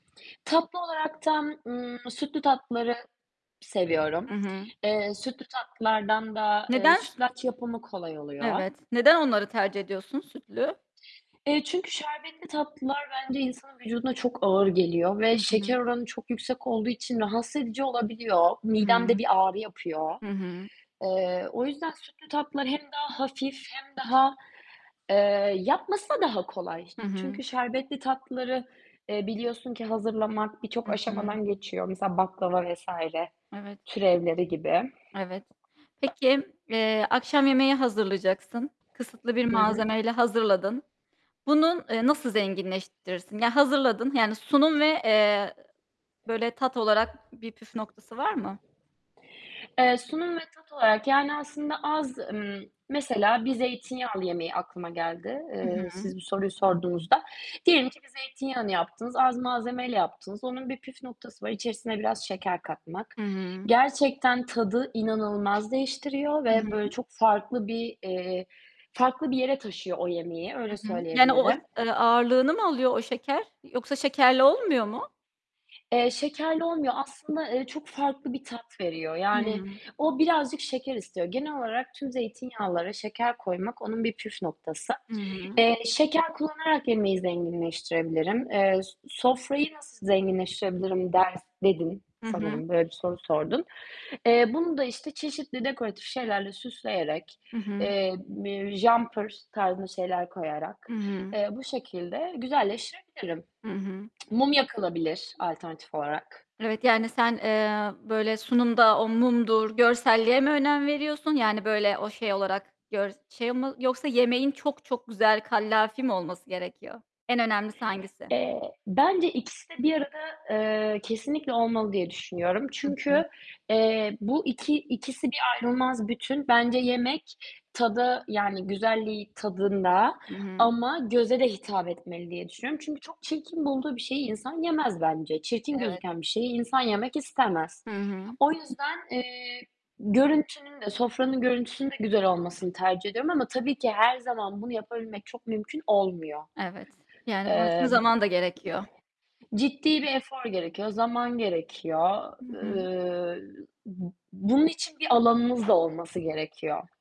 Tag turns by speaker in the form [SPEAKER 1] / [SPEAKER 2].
[SPEAKER 1] Tatlı olaraktan, ııı, sütlü tatlıları
[SPEAKER 2] I
[SPEAKER 1] seviyorum.
[SPEAKER 2] hı.
[SPEAKER 1] Eee, sütlü tatlılardan da, eee,
[SPEAKER 2] Neden s
[SPEAKER 1] sütlaç yapımı kolay oluyor.
[SPEAKER 2] Evet. Neden onları tercih ediyorsun sütlü?
[SPEAKER 1] Eee, çünkü şerbetli tatlılar bence insanın vücuduna çok ağır geliyor ve
[SPEAKER 2] Hı
[SPEAKER 1] şeker
[SPEAKER 2] hı.
[SPEAKER 1] oranı çok yüksek olduğu için rahatsız edici olabiliyor. Midemde
[SPEAKER 2] Hıı.
[SPEAKER 1] bir ağrı yapıyor.
[SPEAKER 2] Hı hı.
[SPEAKER 1] Eee, o yüzden sütlü tatlılar hem daha hafif hem daha, eee, yapması da daha kolay.
[SPEAKER 2] Hı hı.
[SPEAKER 1] Çünkü şerbetli tatlıları, eee, biliyorsun ki hazırlamak birçok
[SPEAKER 2] Hı hı.
[SPEAKER 1] aşamadan geçiyor. Mesela baklava vs.
[SPEAKER 2] Evet.
[SPEAKER 1] türevleri gibi.
[SPEAKER 2] Evet. Peki, eee, akşam yemeği hazırlayacaksın. Kısıtlı bir
[SPEAKER 1] Hı hı.
[SPEAKER 2] malzemeyle hazırladın. Bunun, eee, nasıl zenginleştirirsin? Ya, hazırladın. Yani sunum ve, eee, böyle tat olarak bir püf noktası var mı?
[SPEAKER 1] Eee, sunum ve tat olarak yani aslında az ımm, mesela bir zeytinyağlı yemeği aklıma geldi,
[SPEAKER 2] Hı
[SPEAKER 1] eee,
[SPEAKER 2] hı.
[SPEAKER 1] siz bu soruyu sorduğunuzda. Diyelim ki bir zeytinyağını yaptınız, az malzemeyle yaptınız, onun bir püf noktası var, içerisine biraz şeker katmak.
[SPEAKER 2] Hı hı.
[SPEAKER 1] Gerçekten tadı inanılmaz değiştiriyor
[SPEAKER 2] Hı
[SPEAKER 1] ve böyle
[SPEAKER 2] hı.
[SPEAKER 1] çok farklı bir, eee, farklı bir yere taşıyor o yemeği,
[SPEAKER 2] Hı
[SPEAKER 1] öyle
[SPEAKER 2] hı. Yani o e
[SPEAKER 1] söyleyebilirim.
[SPEAKER 2] eee, ağırlığını mı alıyor o şeker yoksa şekerle olmuyor mu?
[SPEAKER 1] Eee, şekerli olmuyor. Aslında, eee, çok farklı bir tat veriyor. Yani
[SPEAKER 2] Hıı.
[SPEAKER 1] o birazcık şeker istiyor. Genel olarak tüm zeytinyağlara şeker koymak onun bir püf noktası.
[SPEAKER 2] Hı hı.
[SPEAKER 1] Eee, şeker kullanarak yemeği zenginleştirebilirim. Eee, s sofrayı nasıl zenginleştirebilirim ders dedin
[SPEAKER 2] Hı hı.
[SPEAKER 1] sanırım, böyle bir soru sordun. Eee, bunu da işte çeşitli dekoratif şeylerle süsleyerek,
[SPEAKER 2] Hı hı.
[SPEAKER 1] eee, bir jumper tarzında şeyler
[SPEAKER 2] Hı
[SPEAKER 1] koyarak,
[SPEAKER 2] hı.
[SPEAKER 1] eee, bu şekilde güzelleştirebilirim.
[SPEAKER 2] Hı hı.
[SPEAKER 1] Mum yakılabilir alternatif olarak.
[SPEAKER 2] Evet, yani sen, eee, böyle sunumda o mumdur, görselliğe mi önem veriyorsun? Yani böyle o şey olarak gör şey mi yoksa yemeğin çok çok güzel, kallavi mi olması gerekiyor? En önemlisi hangisi?
[SPEAKER 1] Eee, bence ikisi de bir arada, eee, kesinlikle olmalı diye düşünüyorum.
[SPEAKER 2] Hı hı.
[SPEAKER 1] Çünkü, eee, bu iki ikisi bir ayrılmaz bütün. Bence yemek tadı, yani güzelliği tadında
[SPEAKER 2] Hı hı.
[SPEAKER 1] ama göze de hitap etmeli diye düşünüyorum. Çünkü çok çirkin bulduğu bir şeyi insan yemez bence. Çirkin
[SPEAKER 2] Evet.
[SPEAKER 1] gözüken bir şeyi insan yemek istemez.
[SPEAKER 2] Hı hı.
[SPEAKER 1] O yüzden, eee, görüntünün de, sofranın görüntüsünün de güzel olmasını tercih ediyorum ama tabii ki her zaman bunu yapabilmek çok mümkün olmuyor.
[SPEAKER 2] Evet, yani bunun için
[SPEAKER 1] Eee,
[SPEAKER 2] zaman da gerekiyor.
[SPEAKER 1] ciddi bir efor gerekiyor, zaman gerekiyor,
[SPEAKER 2] Hı hı.
[SPEAKER 1] ııı, bu bunun için biralanınız da olması gerekiyor.